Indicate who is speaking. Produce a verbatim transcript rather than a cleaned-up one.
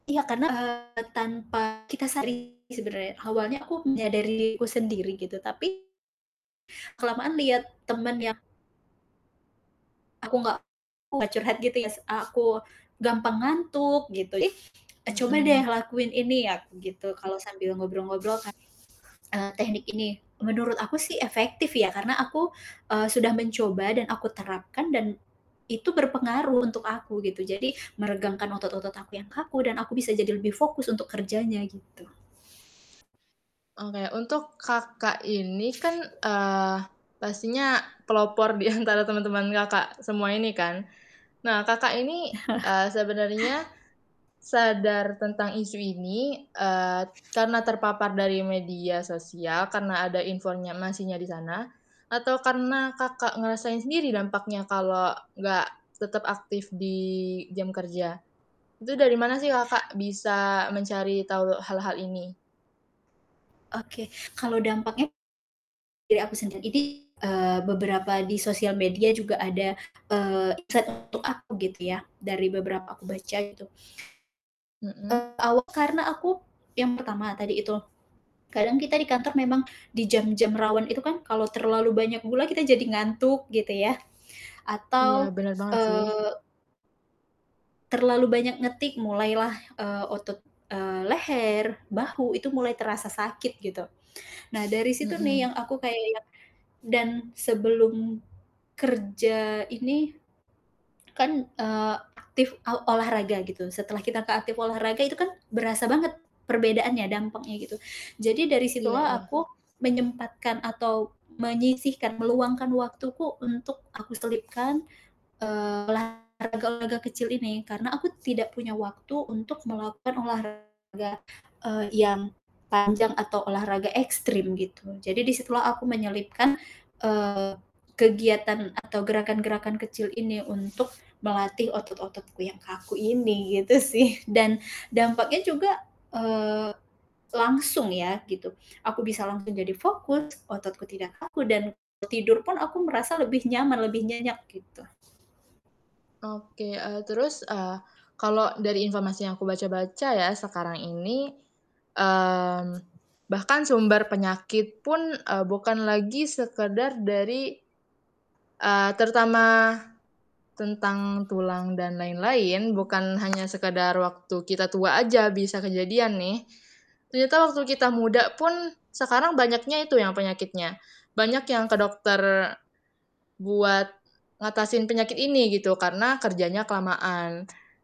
Speaker 1: Iya, karena, eee, tanpa kita sadari sebenarnya. Awalnya aku menyadari diriku sendiri gitu, tapi kelamaan lihat teman yang Aku enggak curhat gitu ya, se eee, aku gampang ngantuk gitu ya, "Ih, eee, coba deh
Speaker 2: Mhm.
Speaker 1: lakuin ini ya," aku gitu kalau sambil ngobrol-ngobrol kan eee, teknik ini. Menurut aku sih efektif ya, karena aku, eee, sudah mencoba dan aku terapkan, dan itu berpengaruh untuk aku gitu. Jadi meregangkan otot-otot aku yang kaku dan aku bisa jadi lebih fokus untuk kerjanya, gitu.
Speaker 2: Oke. Untuk Kakak ini kan, eee, pastinya pelopor di antara teman-teman Kakak semua ini kan. Nah, Kakak ini, eee, sebenarnya sadar tentang isu ini, eee, karena terpapar dari media sosial, karena ada infornya masinya di sana, atau karena Kakak ngerasain sendiri dampaknya kalau enggak tetap aktif di jam kerja. Itu dari mana sih Kakak bisa mencari tahu hal-hal ini?
Speaker 1: Oke. Kalau dampaknya dari aku sendiri. Jadi, eee, beberapa di sosial media juga ada, eee, insight untuk aku gitu ya, dari beberapa aku baca gitu.
Speaker 2: Mhm.
Speaker 1: Eee, aw karena aku, yang pertama tadi itu, kadang kita di kantor memang di jam-jam rawan itu kan kalau terlalu banyak gula kita jadi ngantuk gitu ya.
Speaker 2: Iya,
Speaker 1: Atau,
Speaker 2: bener banget sih.
Speaker 1: eee terlalu banyak ngetik, mulailah, eee, otot, eee, leher, bahu, itu mulai terasa sakit gitu. Nah dari situ nih,
Speaker 2: Mhm.
Speaker 1: yang aku kayak yang dan sebelum kerja ini kan, eee, aktif, aw olahraga gitu, setelah kita ke aktif olahraga, itu kan berasa banget perbedaannya, dampaknya, gitu. Jadi dari
Speaker 2: Iya
Speaker 1: situlah
Speaker 2: iya.
Speaker 1: aku menyempatkan atau menyisihkan, meluangkan waktuku untuk aku selipkan, eee, olahraga-olahraga kecil ini. Karena aku tidak punya waktu untuk melakukan olahraga, eee, yang panjang atau olahraga ekstrim gitu. Jadi di situlah aku menyelipkan, eee, kegiatan atau gerakan-gerakan kecil ini untuk melatih otot-ototku yang kaku ini, gitu sih. Dan dampaknya juga, eee, langsung ya, gitu, aku bisa langsung jadi fokus, ototku tidak kaku dan tidur pun aku merasa lebih nyaman, lebih nyenyak, gitu.
Speaker 2: Oke. Eee, terus, eee, kalau dari informasi yang aku baca-baca ya, sekarang ini, mmm, bahkan sumber penyakit pun, eee, bukan lagi sekedar dari eee, terutama tentang tulang dan lain-lain, bukan hanya sekedar waktu kita tua aja bisa kejadian nih. Ternyata waktu kita muda pun, sekarang banyaknya itu yang penyakitnya. Banyak yang ke dokter buat ngatasin penyakit ini gitu, karena kerjanya kelamaan.